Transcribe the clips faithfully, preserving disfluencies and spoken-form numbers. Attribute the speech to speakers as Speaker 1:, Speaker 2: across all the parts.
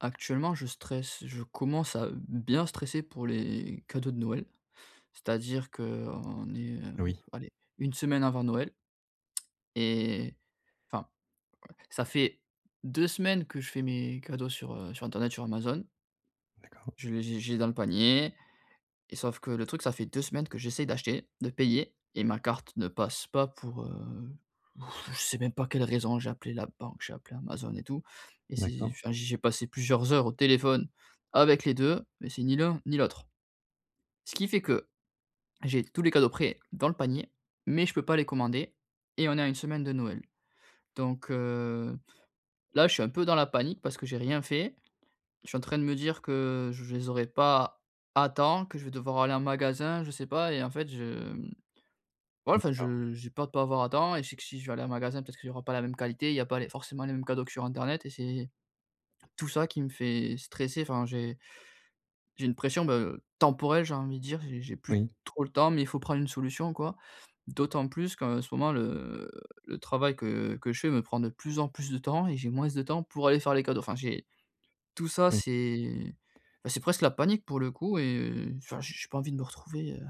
Speaker 1: Actuellement, je stresse. Je commence à, heu, bien stresser pour les cadeaux de Noël. C'est-à-dire que, heu, on est, heu,
Speaker 2: Oui.
Speaker 1: allez, une semaine avant Noël. Et, enfin, ouais, ça fait deux semaines que je fais mes cadeaux sur, heu, sur internet, sur Amazon.
Speaker 2: D'accord.
Speaker 1: Je les j'ai j'ai dans le panier. Et, sauf que le truc, ça fait deux semaines que j'essaie d'acheter, de payer et ma carte ne passe pas pour, heu, je sais même pas quelle raison. J'ai appelé la banque. J'ai appelé Amazon et tout. Et c'est,
Speaker 2: D'accord.
Speaker 1: enfin, j'y ai passé plusieurs heures au téléphone avec les deux. Mais c'est ni l'un, ni l'autre. Ce qui fait que, j'ai tous les cadeaux prêts, dans le panier. Mais, je peux pas les commander. Et, on est à une semaine de Noël. Donc, heu, là, je suis un peu dans la panique parce que j'ai rien fait. Je suis en train de me dire que, je les aurais pas à temps, que je vais devoir aller en magasin, je sais pas. Et en fait, je, mmh, ouais, enfin, je,
Speaker 2: D'accord.
Speaker 1: heu, j'ai peur de pas avoir à temps. Et, je sais que si je vais aller en magasin, peut être qu'il y aura pas la même qualité. Il y a pas les forcément, les mêmes cadeaux sur internet et c'est tout ça qui me fait stresser. Enfin, j'ai j'ai une pression, ben, heu, temporelle, j'ai envie de dire. J'ai j'ai plus
Speaker 2: Oui.
Speaker 1: trop le temps, mais il faut prendre une solution, quoi! D'autant plus qu'en ce moment, le, heu, le travail que que je fais me prend de plus en plus de temps et j'ai moince de temps pour aller faire les cadeaux. Enfin, j'ai tout ça,
Speaker 2: Oui.
Speaker 1: c'est, bah, c'est presque la panique pour le coup et, heu, enfin, j'ai j'ai pas envie de me retrouver, heu,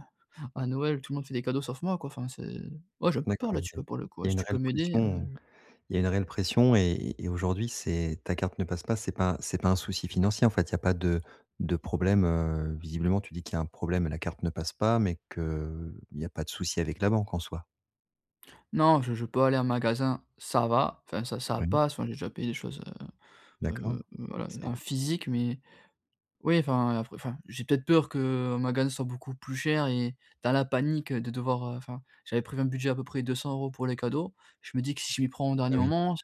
Speaker 1: à Noël, tout le monde fait des cadeaux sauf moi, quoi. Enfin c'est ouais, j'ai un peu peur,
Speaker 2: D'accord,
Speaker 1: là dessus,
Speaker 2: OK.
Speaker 1: pour le
Speaker 2: Il
Speaker 1: coup.
Speaker 2: y a
Speaker 1: Si
Speaker 2: une
Speaker 1: tu peux
Speaker 2: réelle
Speaker 1: m'aider,
Speaker 2: pression,
Speaker 1: heu.
Speaker 2: heu, il y a une réelle pression et et aujourd'hui, c'est ta carte ne passe pas. C'est pas c'est pas un souci financier, en fait? Il y a pas de de problème, heu visiblement, tu dis qu'il y a un problème et la carte ne passe pas, mais que, heu, il n'y a pas de souci avec la banque en soi.
Speaker 1: Non. Je je peux aller en magasin, ça va. Enfin, ça ça
Speaker 2: Oui.
Speaker 1: passe. Enfin, j'ai déjà payé des choses, heu
Speaker 2: D'accord.
Speaker 1: heu, voilà,
Speaker 2: C'est
Speaker 1: en
Speaker 2: le
Speaker 1: physique. Mais oui, enfin enfin, j'ai peut-être peur que, heu, en magasin, ce soit beaucoup plus cher et dans la panique de devoir, heu, enfin. J'avais prévu un budget à peu près deux cents euros pour les cadeaux. Je me dis que si je m'y prends au
Speaker 2: Ah,
Speaker 1: dernier
Speaker 2: oui.
Speaker 1: moment,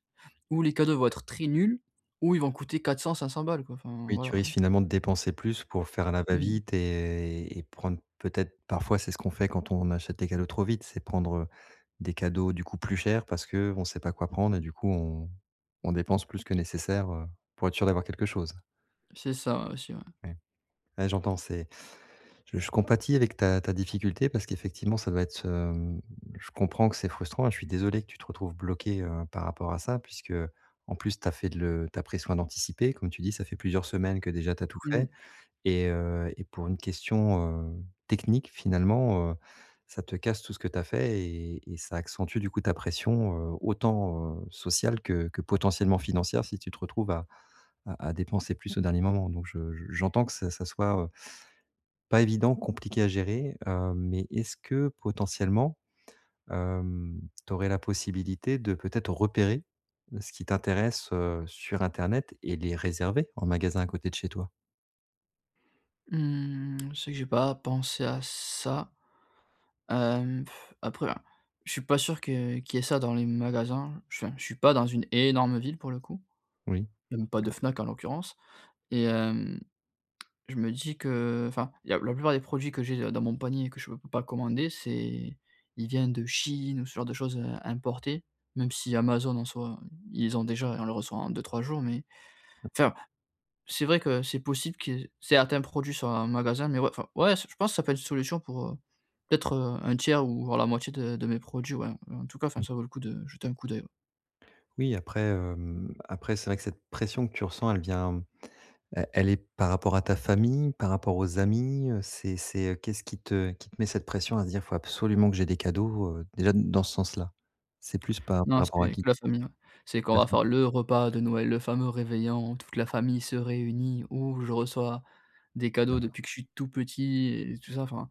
Speaker 1: ou les cadeaux vont être très nuls, ou ils vont coûter quatre cents, cinq cents balles, quoi. Enfin.
Speaker 2: Oui, tu
Speaker 1: Voilà.
Speaker 2: risques finalement, de dépenser plus, pour faire à la va
Speaker 1: Mmh.
Speaker 2: vite et et prendre peut-être parfois c'est ce qu'on fait, quand on achète des cadeaux trop vite. C'est prendre, heu, des cadeaux du coup plus chers parce que, heu, on sait pas quoi prendre. Et du coup, on on dépense plus que nécessaire, heu, pour être sûr d'avoir quelque chose.
Speaker 1: C'est ça aussi, ouais.
Speaker 2: Ouais. Ouais, j'entends. C'est je je compatis avec ta ta difficulté parce qu'effectivement ça doit être, hem. Je comprends que c'est frustrant et je suis désolé que tu te retrouves bloqué, heu, par rapport à ça puisque, heu, en plus, tu as fait le tu as pris soin d'anticiper. Comme tu dis, ça fait plusieurs semaines que déjà tu as tout fait
Speaker 1: Mmh.
Speaker 2: et heu, et pour une question, heu, technique finalement, heu, ça te casse tout ce que tu as fait et et ça accentue du coup ta pression, heu, autant, heu, sociale que que potentiellement financière si tu te retrouves à à à dépenser plus au dernier moment. Donc, je je, j'entends que ça ça soit pas évident, compliqué à gérer, hem. Mais, est-ce que, potentiellement, hem, tu aurais la possibilité de, peut-être, repérer ce qui t'intéresse, heu, sur internet et les réserver en magasin à côté de chez toi?
Speaker 1: Mmh, c'est que j'ai pas pensé à ça. Hem, après, je suis pas sûr que qu'il y ait ça dans les magasins, enfin, je suis pas dans une énorme ville, pour le coup.
Speaker 2: Oui
Speaker 1: Il y a même pas de Fnac, en l'occurrence. Et hem, je me dis que, enfin, il y a la plupart des produits que j'ai dans mon panier que je peux pas commander, c'est il viennent de Chine ou ce genre de choses, heu, importées. Même si Amazon, en soit, ils ont déjà et on le reçoit en deux-trois jours. Mais enfin, c'est vrai que c'est possible, qu'il y certains produits soient un magasin, mais, ouais, enfin ouais, je pense ça peut être une solution pour, heu, peut-être, un tiers ou voire la moitié de de mes produits, ouais. En tout cas, enfin,
Speaker 2: Mmh.
Speaker 1: ça vaut le coup de jeter un coup d'oeil, ouais.
Speaker 2: Oui, après, hem, après, c'est vrai que cette pression que tu ressens elle vient. Elle elle est par rapport à ta famille? Par rapport aux amis? Heu, c'est c'est qu'est-ce qui te qui te met cette pression, à se dire: «Il faut absolument que j'aie des cadeaux». Heu, déjà, dans ce sens-là. C'est plus par par
Speaker 1: Non,
Speaker 2: rapport
Speaker 1: c'est
Speaker 2: qui?
Speaker 1: que la famille c'est qu'on
Speaker 2: Mmh
Speaker 1: va
Speaker 2: mh.
Speaker 1: faire le repas de Noël, le fameux réveillon, toute la famille se réunit où je reçois des cadeaux
Speaker 2: D'accord.
Speaker 1: depuis que je suis tout petit et tout ça, enfin.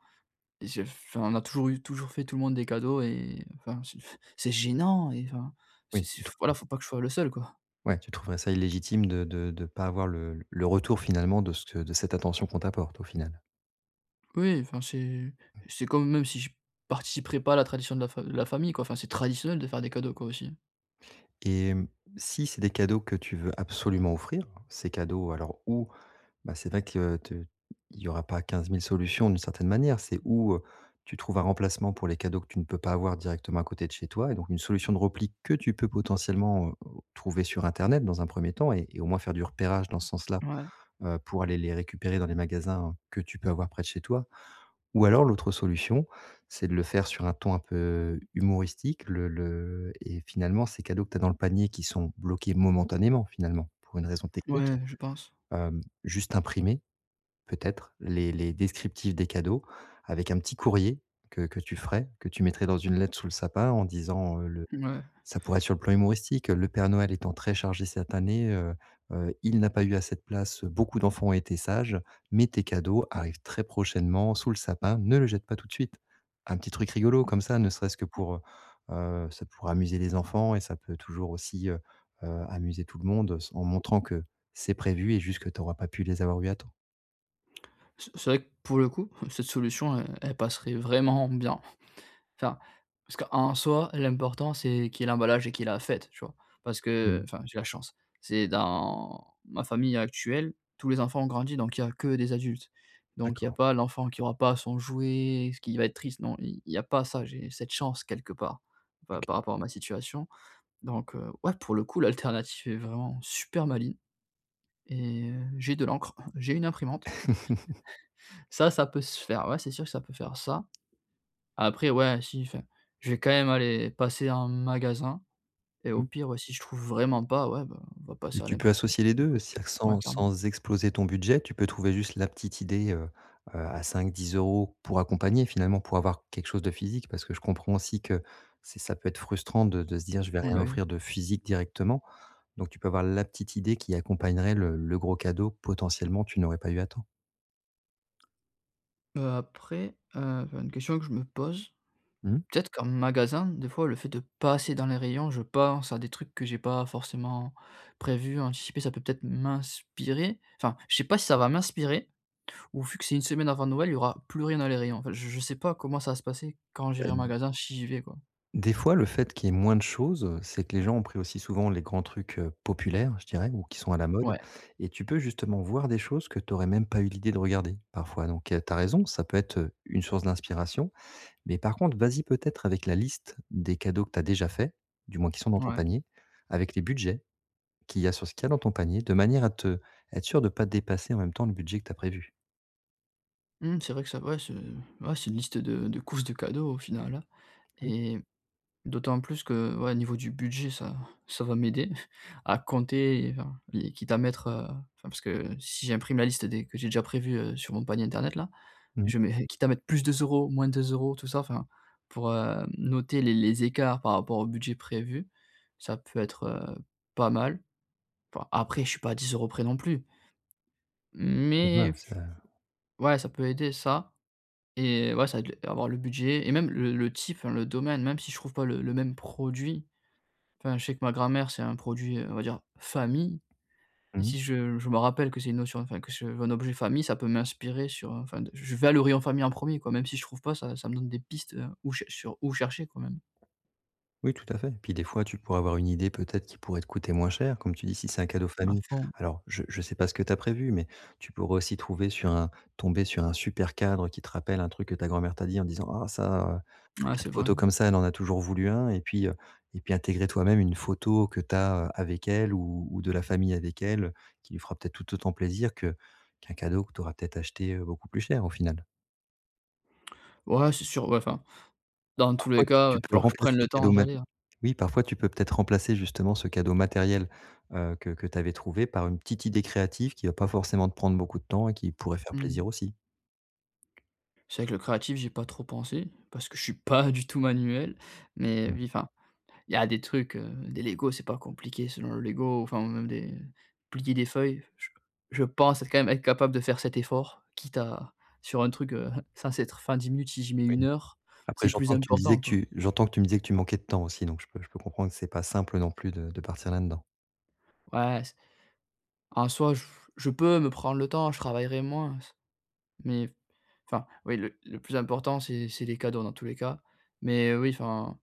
Speaker 1: Et je enfin, on a toujours eu toujours fait tout le monde des cadeaux et enfin, c'est c'est gênant et enfin. C'est
Speaker 2: Oui,
Speaker 1: c'est
Speaker 2: tu
Speaker 1: voilà,
Speaker 2: trouves
Speaker 1: faut pas que je sois le seul quoi.
Speaker 2: Ouais, tu trouverais ça illégitime de de de pas avoir le le retour finalement de ce de cette attention qu'on t'apporte, au final?
Speaker 1: Oui, enfin, c'est
Speaker 2: Mmh.
Speaker 1: c'est comme même si je participerai pas à la tradition de la fa de la famille quoi. Enfin c'est traditionnel de faire des cadeaux quoi, aussi?
Speaker 2: Et mmh, si c'est des cadeaux que tu veux absolument offrir. Ces cadeaux alors ou, bah, c'est vrai que t y aura pas quinze mille solutions d'une certaine manière. C'est ou, heu, tu trouves un remplacement pour les cadeaux que tu ne peux pas avoir directement à côté de chez toi. Et donc, une solution de repli que tu peux potentiellement, heu, trouver sur internet, dans un premier temps et et au moins faire du repérage dans ce sens là,
Speaker 1: Ouais.
Speaker 2: heu, pour aller les récupérer dans les magasins, que tu peux avoir près de chez toi. Ou alors, l'autre solution, c'est de le faire sur un ton un peu humoristique, le le et finalement ces cadeaux que tu as dans le panier qui sont bloqués, momentanément, finalement, pour une raison technique.
Speaker 1: Ouais, je pense.
Speaker 2: Heu, juste imprimer, peut-être les les descriptifs des cadeaux avec un petit courrier que que tu ferais, que tu mettrais dans une lettre sous le sapin en disant, heu, le
Speaker 1: Mouais.
Speaker 2: ça pourrait être sur le plan humoristique: «Le père Noël étant très chargé cette année, heu heu, il n'a pas eu assez de place, beaucoup d'enfants ont été sages, mais tes cadeaux arrivent très prochainement sous le sapin, ne le jette pas tout de suite». Un petit truc rigolo comme ça, ne serait-ce que pour, heu heu, ça pourrait amuser les enfants et ça peut toujours aussi, heu heu, amuser tout le monde sans en montrant que c'est prévu et juste que tu auras pas pu les avoir eus à temps.
Speaker 1: C'est c'est vrai que, pour le coup, cette solution, elle elle passerait vraiment bien. Enfin, parce qu'en soi, l'important, c'est qu'il y ait l'emballage et qu'il y ait la fête, tu vois? Parce
Speaker 2: Mmh.
Speaker 1: qu'enfin j'ai la chance. C'est dans ma famille actuelle, tous les enfants ont grandi, donc il y a que des adultes. Donc il y a
Speaker 2: D'accord.
Speaker 1: pas l'enfant qui aura pas son jouet, est-ce qu'il va être triste. Non, i il y a pas ça, j'ai cette chance quelque part, par
Speaker 2: OK.
Speaker 1: par rapport à ma situation. Donc, heu, ouais, pour le coup, l'alternative est vraiment, super maligne. Et heu, j'ai de l'encre, j'ai une imprimante. Ça ça peut se faire, ouais, c'est sûr, que ça peut faire ça. Après, ouais, si, enfin, je vais quand même aller passer en magasin et au
Speaker 2: Mmh.
Speaker 1: pire, ouais, si je trouve vraiment pas, ouais, bah, on va
Speaker 2: Et
Speaker 1: passé à
Speaker 2: tu
Speaker 1: l'impr
Speaker 2: peux associer les deux,
Speaker 1: l'impression.
Speaker 2: c'est
Speaker 1: Ouais,
Speaker 2: sans
Speaker 1: clairement.
Speaker 2: sans exploser ton budget. Tu peux trouver juste la petite idée, heu heu, à cinq-dix euros pour accompagner, finalement, pour avoir quelque chose de physique. Parce que je comprends aussi que c'est ça peut être frustrant de de se dire je vais
Speaker 1: Mmh,
Speaker 2: rien
Speaker 1: bah oui.
Speaker 2: offrir de physique directement. Donc tu peux avoir la petite idée qui accompagnerait le le gros cadeau, potentiellement, tu n'aurais pas eu à temps.
Speaker 1: Heu, après, heu, enfin, une question que je me pose,
Speaker 2: Mmh.
Speaker 1: peut-être qu'en magasin, des fois, le fait de passer dans les rayons je pense à des trucs que j'ai pas forcément prévus, anticipés. Ça peut, peut-être m'inspirer enfin, je sais pas si ça va m'inspirer ou vu que c'est une semaine avant Noël, il y aura plus rien dans les rayons enfin, je je sais pas comment ça va se passer quand
Speaker 2: Bah,
Speaker 1: j'irai en
Speaker 2: d
Speaker 1: magasin, si j'y vais quoi.
Speaker 2: des fois, le fait qu'il y ait moins de choses, heu, c'est que les gens ont pris aussi souvent les grands trucs, heu, populaires, je dirais, ou qui sont à la
Speaker 1: Ouais.
Speaker 2: mode et tu peux justement voir des choses que tu aurais même pas eu l'idée de regarder parfois donc tu as raison, ça peut être, heu, une source d'inspiration. Mais par contre vas-y peut-être avec la liste des cadeaux que tu as déjà faits, du moins qui sont dans ton
Speaker 1: Ouais.
Speaker 2: panier, avec les budgets qu'il y a sur ce qu'il y a dans ton panier de manière à te être sûr de pas dépasser en même temps le budget que tu as prévu.
Speaker 1: Mmh, c'est vrai que ça ouais, c'est ouais une liste de de courses de cadeaux au final, hein
Speaker 2: Mmh.
Speaker 1: et d'autant plus que, ouais, niveau du budget ça ça va m'aider à compter et enfin, et quitte à mettre, heu enfin, parce que si j'imprime la liste des que j'ai déjà prévue, heu, sur mon panier internet là.
Speaker 2: Mmh mh.
Speaker 1: Je mets quitte à mettre plus deux euros moins deux euros tout ça, enfin, pour, heu, noter les les écarts par rapport au budget prévu ça peut être, heu, pas mal. Enfin, après je suis pas à dix euros près non plus. Mais
Speaker 2: [unintelligible] à
Speaker 1: Ouais ça peut aider ça et ouais ça va être avoir le budget et même le le type enfin le domaine même si je trouve pas le le même produit, enfin, je sais que ma grand-mère c'est un produit, heu, on va dire famille et
Speaker 2: Mmh.
Speaker 1: si je je me rappelle que c'est une notion, enfin que je veux un objet famille ça peut m'inspirer sur enfin, de j je vais aller au rayon famille en premier quoi, même si je trouve pas, ça ça me donne des pistes ou cher sur où chercher quand même.
Speaker 2: Oui, tout à fait. Puis des fois, tu pourrais avoir une idée peut-être qui pourrait te coûter moins cher, comme tu dis, si c'est un cadeau
Speaker 1: À
Speaker 2: famille.
Speaker 1: fond.
Speaker 2: Alors je je sais pas ce que tu as prévu, mais tu pourrais aussi trouver sur un tomber sur un super cadre qui te rappelle un truc que ta grand-mère t'a dit, en disant: «Ah, ça, heu, un
Speaker 1: Ah, c'est
Speaker 2: cadre
Speaker 1: vrai.
Speaker 2: photos comme ça, elle en a toujours voulu un» et puis, heu, et puis intégrer toi-même une photo que tu as, heu, avec elle ou ou de la famille avec elle qui lui fera peut-être tout autant plaisir que qu'un cadeau que tu auras peut-être acheté, heu, beaucoup plus cher, au final.
Speaker 1: Ouais c'est sûr. Ouais, enfin dans
Speaker 2: Par
Speaker 1: tous les
Speaker 2: contre
Speaker 1: cas, heu, il
Speaker 2: tu
Speaker 1: va
Speaker 2: peux
Speaker 1: falloir que je
Speaker 2: remplacer
Speaker 1: prenne le
Speaker 2: le
Speaker 1: temps avant
Speaker 2: cadeau
Speaker 1: d'y
Speaker 2: mat
Speaker 1: aller, hein.
Speaker 2: oui, parfois tu peux peut-être remplacer justement ce cadeau matériel, heu, que que tu avais trouvé par une petite idée créative qui va pas forcément te prendre beaucoup de temps et qui pourrait faire
Speaker 1: Mmh
Speaker 2: plaisir
Speaker 1: mh.
Speaker 2: aussi.
Speaker 1: C'est vrai que le créatif j'y ai pas trop pensé parce que je suis pas du tout manuel mais,
Speaker 2: Mmh.
Speaker 1: oui, enfin, il y a des trucs, heu, des Lego, c'est pas compliqué selon le Lego, enfin ou même des plier des feuilles, j je pense être quand même être capable de faire cet effort, quitte à sur un truc, heu, censé être fait en dix minutes si je mets
Speaker 2: Oui.
Speaker 1: une heure,
Speaker 2: Après
Speaker 1: c'est plus
Speaker 2: j'entends que tu me disais
Speaker 1: important
Speaker 2: que
Speaker 1: quoi.
Speaker 2: tu j'entends que tu me disais que tu manquais de temps aussi, donc je peux je peux comprendre que c'est pas simple non plus de de partir là-dedans.
Speaker 1: Ouais, c en soi, je peux me prendre le temps, je travaillerai moins, c mais f enfin, oui, le le plus important, c'est c'est les cadeaux dans tous les cas. Mais, heu, oui, enfin,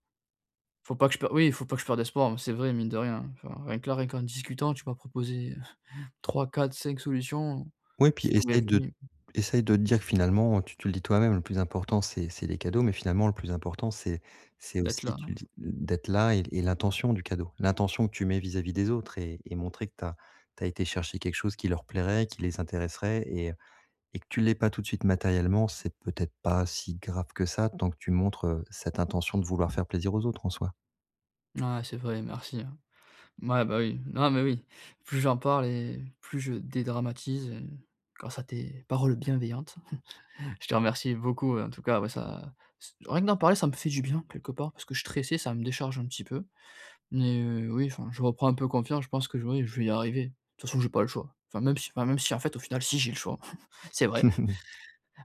Speaker 1: faut pas que je pe oui il faut pas que je perde espoir, mais c'est vrai, mine de rien, hein. Enfin, rien que là rien qu'en discutant tu m'as proposé trois-quatre-cinq solutions,
Speaker 2: Ouais puis
Speaker 1: qui
Speaker 2: essaie
Speaker 1: pourraient
Speaker 2: de
Speaker 1: [unintelligible]
Speaker 2: essaie de te dire que finalement tu tu le dis toi-même le plus important c'est c'est les cadeaux, mais finalement le plus important c'est c'est
Speaker 1: D'être
Speaker 2: aussi,
Speaker 1: là, non
Speaker 2: tu le dis, d'être là et et l'intention du cadeau. L'intention que tu mets vis-à-vis des autres et et montrer que tu as tu as été chercher quelque chose qui leur plairait, qui les intéresserait et heu, et que tu l'aies pas tout de suite matériellement, c'est peut-être pas si grave que ça tant que tu montres, heu, cette intention de vouloir faire plaisir aux autres en soi.
Speaker 1: Mouais, c'est vrai merci, hein. Mouais, bah, oui, non mais oui, plus j'en parle et plus je dédramatise grâce à tes paroles bienveillantes. Je te remercie beaucoup, en tout cas, ouais ça c rien que d'en parler ça me fait du bien quelque part parce que je suis stressé, ça me décharge un petit peu. Mais, heu, oui enfin je reprends un peu confiance, je pense que j oui, je vais y arriver. De toute façon j'ai pas le choix enfin même si enfin même si en fait au final si j'ai le choix, c'est vrai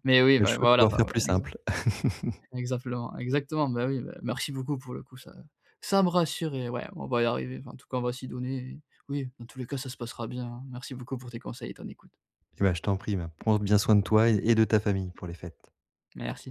Speaker 1: mais oui,
Speaker 2: Le
Speaker 1: bah,
Speaker 2: choix de
Speaker 1: voilà
Speaker 2: pouvoir faire plus
Speaker 1: exa
Speaker 2: simple.
Speaker 1: exaplement, exactement, bah, oui, bah, merci beaucoup pour le coup ça ça me rassure et ouais on va y arriver, enfin en tout cas on va s'y donner et oui dans tous les cas ça se passera bien. Merci beaucoup pour tes conseils et ton écoute.
Speaker 2: Et ben, je t'en prie, ben, prends bien soin de toi et et de ta famille pour les fêtes.
Speaker 1: Merci.